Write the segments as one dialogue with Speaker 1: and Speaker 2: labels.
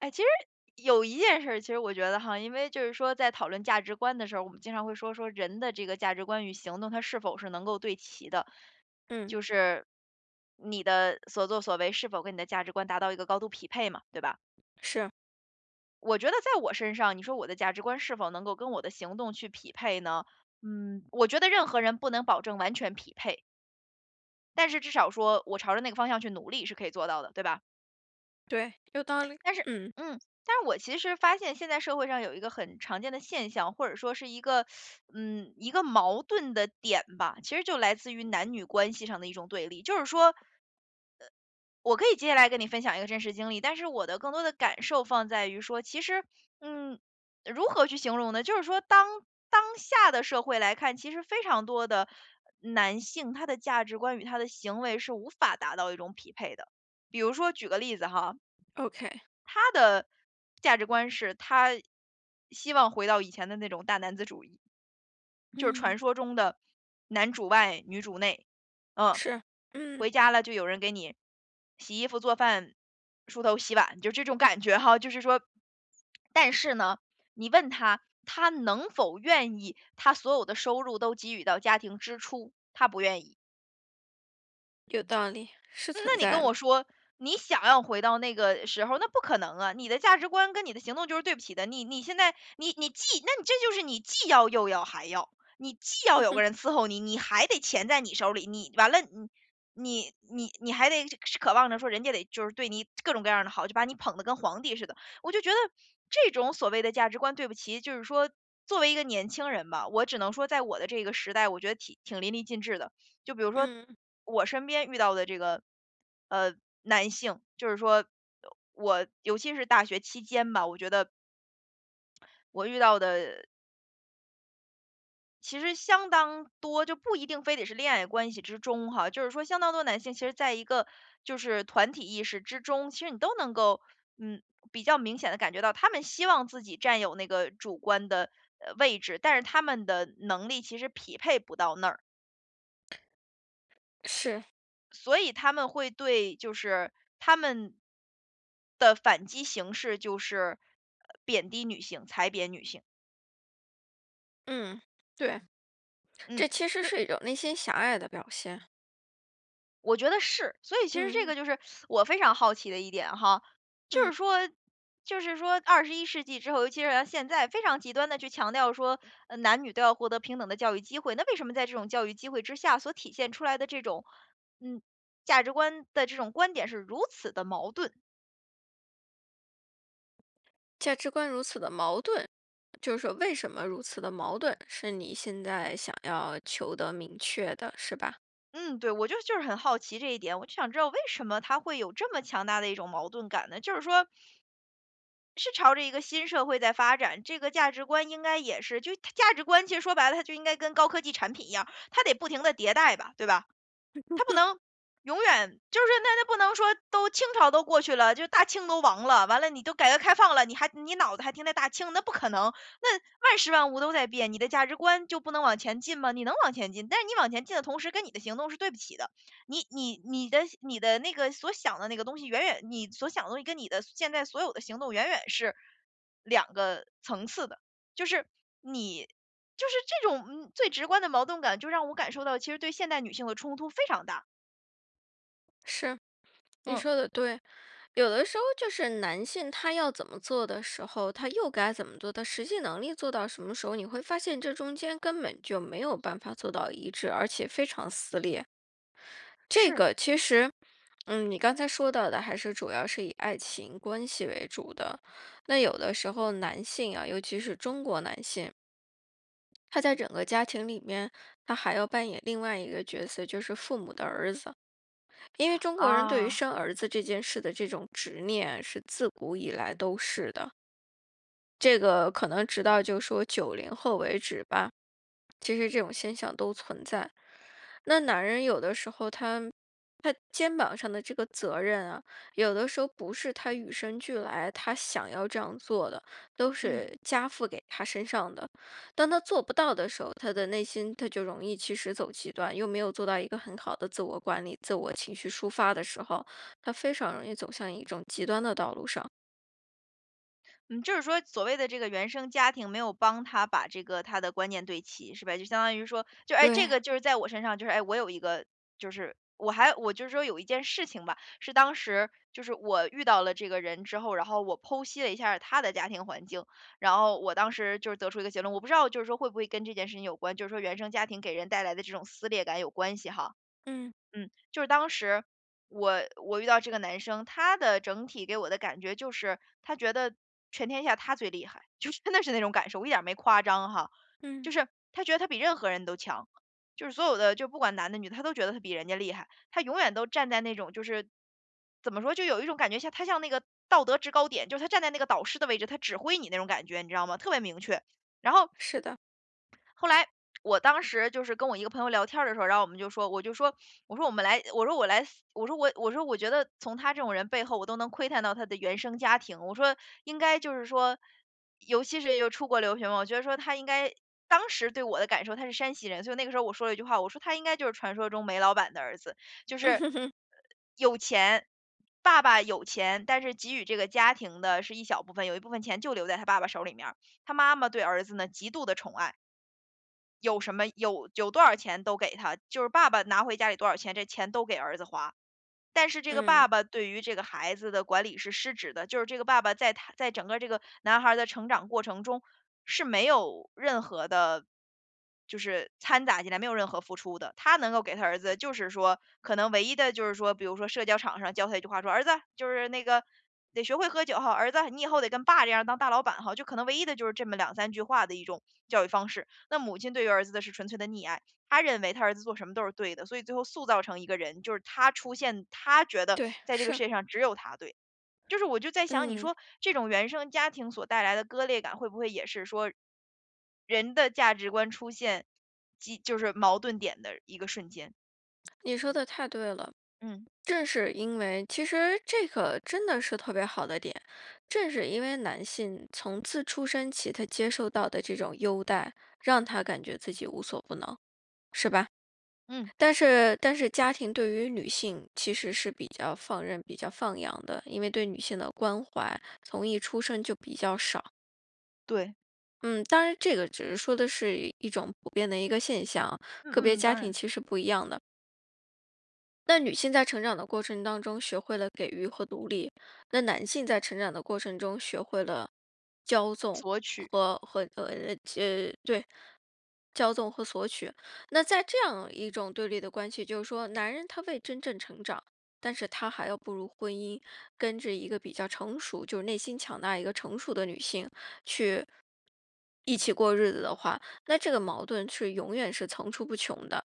Speaker 1: 哎，其实，有一件事儿，其实我觉得哈，因为就是说在讨论价值观的时候，我们经常会说，说人的这个价值观与行动他是否是能够对齐的。
Speaker 2: 嗯。
Speaker 1: 就是，你的所作所为是否跟你的价值观达到一个高度匹配嘛，对吧？
Speaker 2: 是。
Speaker 1: 我觉得在我身上，你说我的价值观是否能够跟我的行动去匹配呢？嗯，我觉得任何人不能保证完全匹配。但是至少说，我朝着那个方向去努力是可以做到的，对吧？
Speaker 2: 对，有道理，
Speaker 1: 但是，
Speaker 2: 嗯。
Speaker 1: 嗯，但是我其实发现，现在社会上有一个很常见的现象，或者说是一个，嗯，一个矛盾的点吧，其实就来自于男女关系上的一种对立。就是说呃，我可以接下来跟你分享一个真实经历，但是我的更多的感受放在于说，其实嗯，如何去形容呢？就是说当当下的社会来看，其实非常多的男性，他的价值观与他的行为是无法达到一种匹配的。比如说举个例子哈。
Speaker 2: OK。
Speaker 1: 他的价值观是他希望回到以前的那种大男子主义，就是传
Speaker 2: 嗯。
Speaker 1: 说中的男主外、女主内，嗯。
Speaker 2: 是，嗯。
Speaker 1: 回家了就有人给你洗衣服、做饭、梳头、洗碗，就这种感觉哈。就是说，但是呢，你问他，他能否愿意，他所有的收入都给予到家庭支出，他不愿意。
Speaker 2: 有道理，是
Speaker 1: 嗯，
Speaker 2: 存
Speaker 1: 那你
Speaker 2: 在
Speaker 1: 跟
Speaker 2: 的。
Speaker 1: 我说，你想要回到那个时候，那不可能啊，你的价值观跟你的行动就是对不齐的。你你现在你你既那这就是你既要、又要、还要，你既要
Speaker 2: 嗯
Speaker 1: 有
Speaker 2: 哼。
Speaker 1: 个人伺候你，你还得钱在你手里，你完了，你你你还得是是渴望着说人家得就是对你各种各样的好，就把你捧得跟皇帝似的。我就觉得，这种所谓的价值观，对不齐，就是说，作为一个年轻人吧，我只能说在我的这个时代，我觉得挺挺淋漓尽致的。就比如说，
Speaker 2: 嗯。
Speaker 1: 我身边遇到的这个，呃，男性，就是说，我尤其是大学期间吧，我觉得我遇到的其实相当多，就不一定非得是恋爱关系之中哈，就是说相当多的男性其实在一个，就是团体意识之中，其实你都能够，嗯，比较明显地感觉到，他们希望自己占有那个主观的，呃，位置，但是他们的能力其实匹配不到那儿。
Speaker 2: 是。
Speaker 1: 所以他们会对就是他们的反击形式就是，呃，贬低女性，踩贬女性。
Speaker 2: 嗯，对，
Speaker 1: 嗯，
Speaker 2: 这其实
Speaker 1: 所以
Speaker 2: 是一种内心狭隘的表现。
Speaker 1: 我觉得是，所以其实这
Speaker 2: 嗯。
Speaker 1: 个就是 我非常好奇的一点哈，就
Speaker 2: 嗯。
Speaker 1: 是说就是说21世纪之后，尤其是现在，非常极端地去强调说，呃，男女都要获得平等的教育机会，那为什么在这种教育机会之下，所体现出来的这种，嗯，价值观的这种观点是如此的矛盾。
Speaker 2: 价值观如此地矛盾，就是说为什么如此地矛盾，是你现在想要求得明确的，是吧？
Speaker 1: 嗯，对，我就是就是很好奇这一点，我就想知道为什么它会有这么强大的一种矛盾感呢，就是说是朝着一个新社会在发展，这个价值观应该也是就它价值观其实说白了，它就应该跟高科技产品一样，它得不停地迭代吧，对吧？它不 能永远就是那那不能说都清朝都过去了，就是大清都亡了。完了，你都改革开放了，你还你脑子还停着大清，那不可能。那万事万物都在变，你的价值观就不能往前进吗？你能往前进，但是你往前进的同时，跟你的行动是对不齐的，你你你的你的那个所想的那个东西，远远你所想的东西跟你的现在所有的行动远远是，两个层次的。就是，你就是这种最直观的矛盾感，就让我感受到其实对现代女性的冲突非常大。
Speaker 2: 是，你
Speaker 1: 嗯。
Speaker 2: 说的对，有的时候就是男性他要怎么做的时候，他又该怎么做，他实际能力做到什么时候，你会发现这中间根本就没有办法做到一致，而且非常撕裂。这
Speaker 1: 是。
Speaker 2: 个其实，嗯，你刚才说到的还是主要是以爱情关系为主的，那有的时候男性啊，尤其是中国男性他在整个家庭里面，他还要扮演另外一个角色，就是父母的儿子。因为中国人对于
Speaker 1: 啊。
Speaker 2: 生儿子这件事的这种执念，是自古以来都是的。这个可能直到就说90后为止吧，其实这种现象都存在。那男人有的时候他他肩膀上的这个责任啊，有的时候不是他与生俱来，他想要这样做的，都是
Speaker 1: 嗯。
Speaker 2: 加附给他身上的，当他做不到的时候，他的内心他就容易其实走极端，又没有做到一个很好的自我管理、自我情绪抒发的时候，他非常容易走向一种极端的道路上。
Speaker 1: 嗯，就是说所谓的这个原生家庭，没有帮他把这个他的观念对齐，是吧？就相当于说，就哎，这个
Speaker 2: 对。
Speaker 1: 就是在我身上，就是，哎，我有一个就是我还我就是说有一件事情吧，是当时，就是我遇到了这个人之后，然后我剖析了一下他的家庭环境，然后我当时就得出一个结论。我不知道就是说会不会跟这件事情有关，就是说原生家庭给人带来的这种撕裂感有关系哈。
Speaker 2: 嗯。
Speaker 1: 嗯，就是当时，我我遇到这个男生，他的整体给我的感觉就是，他觉得全天下他最厉害。就是真的是那种感受，我一点没夸张哈，
Speaker 2: 嗯。
Speaker 1: 就是他觉得他比任何人都强。就是所有的，就不管男的女的，他都觉得他比人家厉害，他永远都站在那种，就是怎么说，就有一种感觉像他像那个道德制高点，就是他站在那个导师的位置，他指挥你那种感觉，你知道吗？特别明确，然后
Speaker 2: 是的。
Speaker 1: 后来，我当时就是跟我一个朋友聊天儿的时候，然后我们就说，我就说，我说我们来我说我来，我说我我说我觉得从他这种人背后，我都能窥探到他的原生家庭。我说应该就是说，尤其是又出国留学嘛，我觉得说他应该当时对我的感受他是山西人，所以那个时候我说了一句话，我说他应该就是传说中煤老板的儿子，就是，呃，有钱，爸爸有钱，但是给予这个家庭的是一小部分，有一部分钱就留在他爸爸手里面儿。他妈妈对儿子呢，极度地宠爱有什么有有多少钱都给他，就是爸爸拿回家里多少钱，这钱都给儿子花。但是这个
Speaker 2: 嗯。
Speaker 1: 爸爸对于这个孩子的管理是失职的，就是这个爸爸在他在整个这个男孩儿的成长过程中，是没有任何的就是掺杂进来，没有任何付出的。他能够给他儿子就是说，可能唯一的就是说，比如说社交场上教他一句话，说：“儿子，就是那个，得学会喝酒吼，儿子你以后得跟爸这样当大老板吼。”就可能唯一的就是这么2-3句话的一种教育方式。那母亲对于儿子的是纯粹的溺爱，她认为她儿子做什么都是对的，所以最后塑造成一个人，就是他出现他觉得
Speaker 2: 对，
Speaker 1: 在这个
Speaker 2: 是。
Speaker 1: 世界上只有他对。就是我就在想，你
Speaker 2: 嗯。
Speaker 1: 说，这种原生家庭所带来的割裂感，会不会也是说，人的价值观出现激就是矛盾点的一个瞬间。
Speaker 2: 你说的太对了，
Speaker 1: 嗯。
Speaker 2: 正是因为其实这个真的是特别好的点，正是因为男性从自出生起他接受到的这种优待，让他感觉自己无所不能，是吧？
Speaker 1: 嗯。
Speaker 2: 但是但是家庭对于女性，其实是比较放任、比较放养的，因为对女性的关怀从一出生就比较少。
Speaker 1: 对。
Speaker 2: 嗯，当然这个只是说的是一种普遍的一个现象哦，个别
Speaker 1: 嗯嗯，
Speaker 2: 家
Speaker 1: 当
Speaker 2: 庭
Speaker 1: 然。
Speaker 2: 其实不一样的。那女性在成长的过程当中学会了给予和独立，那男性在成长的过程中学会了骄纵
Speaker 1: 索取。
Speaker 2: 和和呃，这对，骄纵和索取。那在这样一种对立的关系，就是说男人他未真正成长，但是他还要步入婚姻，跟这一个比较成熟，就内心强大一个成熟的女性，去一起过日子的话，那这个矛盾是永远是层出不穷的。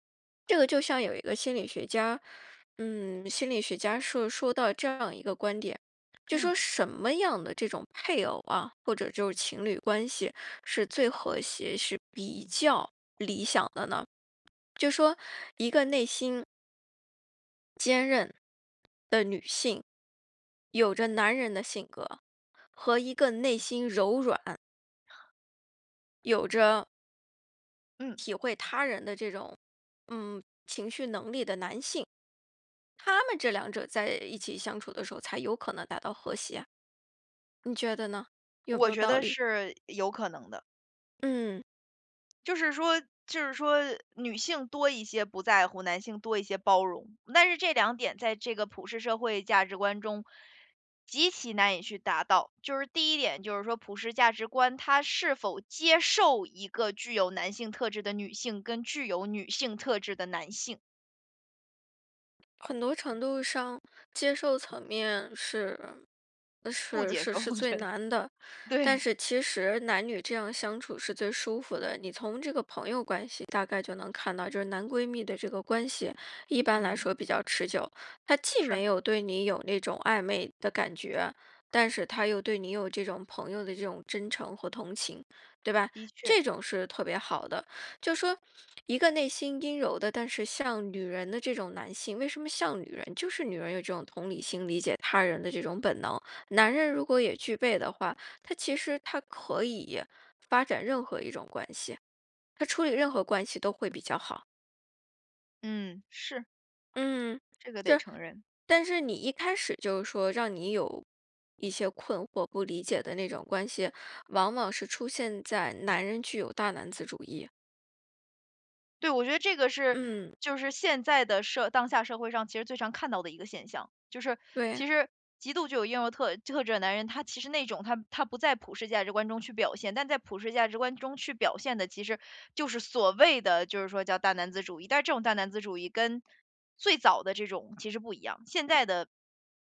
Speaker 2: 这个就像有一个心理学家，嗯，心理学家说说到这样一个观点，就
Speaker 1: 嗯。
Speaker 2: 说什么样的这种配偶啊，或者就是情侣关系是最和谐，是比较理想的呢？就说一个内心坚韧的女性，有着男人的性格，和一个内心柔软有着
Speaker 1: 嗯。
Speaker 2: 体会他人的这种，嗯，情绪能力的男性。他们这两者在一起相处的时候，才有可能达到和谐。你觉得呢？有没
Speaker 1: 我
Speaker 2: 有
Speaker 1: 觉
Speaker 2: 道
Speaker 1: 得
Speaker 2: 理？
Speaker 1: 是有可能的。
Speaker 2: 嗯。
Speaker 1: 就是说就是说女性多一些不在乎，男性多一些包容。但是这两点在这个普世社会价值观中，极其难以去达到。就是第一点就是说普世价值观，它是否接受一个具有男性特质的女性，跟具有女性特质的男性。
Speaker 2: 很多程度上，接受层面是呃，
Speaker 1: 不
Speaker 2: 是
Speaker 1: 接
Speaker 2: 是
Speaker 1: 受，
Speaker 2: 是
Speaker 1: 我
Speaker 2: 最
Speaker 1: 觉得，
Speaker 2: 难的。但
Speaker 1: 对。
Speaker 2: 是其实男女这样相处是最舒服的。你从这个朋友关系大概就能看到，就是男闺蜜的这个关系，一般来
Speaker 1: 嗯。
Speaker 2: 说比较持久。他既
Speaker 1: 是。
Speaker 2: 没有对你有那种暧昧的感觉，但是他又对你有这种朋友的这种真诚和同情。对吧，
Speaker 1: 的确。
Speaker 2: 这种是特别好的。就说一个内心阴柔的，但是像女人的这种男性，为什么像女人？就是女人有这种同理心，理解他人的这种本能。男人如果也具备的话，他其实他可以发展任何一种关系，他处理任何关系都会比较好。
Speaker 1: 嗯，是。
Speaker 2: 嗯，
Speaker 1: 这个得
Speaker 2: 是。
Speaker 1: 承认。
Speaker 2: 但是你一开始就说让你有一些困惑，不理解的那种关系，往往是出现在男人具有大男子主义。
Speaker 1: 对，我觉得这个是
Speaker 2: 嗯。
Speaker 1: 就是现在的社当下社会上其实最常看到的一个现象。就是
Speaker 2: 对。
Speaker 1: 其实极度就有英雄特特质的男人，他其实那种他他不在普世价值观中去表现。但在普世价值观中去表现的，其实就是所谓的就是说叫大男子主义，但是这种大男子主义跟最早的这种其实不一样。现在的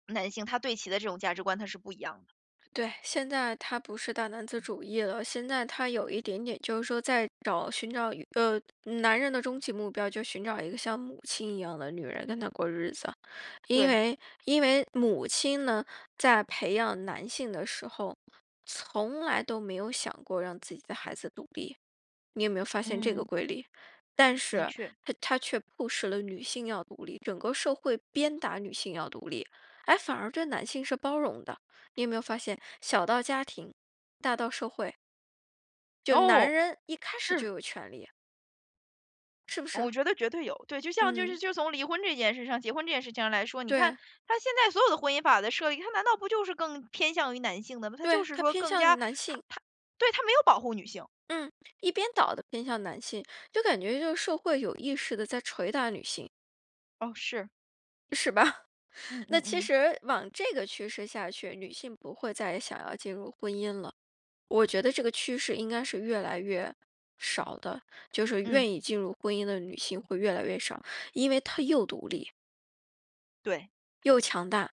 Speaker 1: 男性，他对齐的这种价值观他是不一样的。
Speaker 2: 对，现在他不是大男子主义了。现在他有一点点就是说在找寻找呃，男人的终极目标，就寻找一个像母亲一样的女人跟他过日子。因
Speaker 1: 对。
Speaker 2: 为因为母亲呢，在培养男性的时候，从来都没有想过让自己的孩子独立。你有没有发现这个
Speaker 1: 嗯。
Speaker 2: 规律，但
Speaker 1: 的
Speaker 2: 是
Speaker 1: 确。
Speaker 2: 她她却迫使了女性要独立，整个社会鞭打女性要独立，哎，反而对男性是包容的。你有没有发现，小到家庭，大到社会。就男
Speaker 1: 哦，
Speaker 2: 人一开始就
Speaker 1: 是。
Speaker 2: 有权利。是不
Speaker 1: 嗯，
Speaker 2: 是？
Speaker 1: 我觉得绝对有。对，就像就是
Speaker 2: 嗯。
Speaker 1: 就从离婚这件事上结婚这件事情上来说，你看，
Speaker 2: 对。
Speaker 1: 它现在所有的婚姻法的设立，它难道不就是更偏向于男性的嘛，它就
Speaker 2: 对，
Speaker 1: 是
Speaker 2: 他
Speaker 1: 说
Speaker 2: 偏
Speaker 1: 更加
Speaker 2: 向男
Speaker 1: 它
Speaker 2: 性。
Speaker 1: 它对，它没有保护女性。
Speaker 2: 嗯，一边倒地偏向男性。就感觉就是社会有意识地在锤打女性。
Speaker 1: 哦，是。
Speaker 2: 是吧？
Speaker 1: 嗯
Speaker 2: 那
Speaker 1: 嗯
Speaker 2: 其
Speaker 1: 嗯。
Speaker 2: 实往这个趋势下去，女性不会再想要进入婚姻了，我觉得这个趋势应该是越来越少的，就是
Speaker 1: 嗯。
Speaker 2: 愿意进入婚姻的女性会越来越少，因为她又独立
Speaker 1: 对。
Speaker 2: 又强大。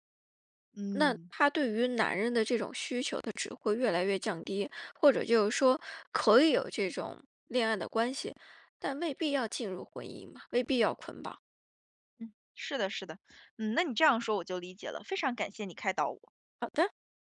Speaker 2: 那
Speaker 1: 嗯。
Speaker 2: 她对于男人的这种需求她只会越来越降低，或者就是说可以有这种恋爱的关系，但未必要进入婚姻嘛，未必要捆绑。
Speaker 1: 嗯，是的是的。嗯，那你这样说我就理解了，非常感谢你开导我。
Speaker 2: 好的。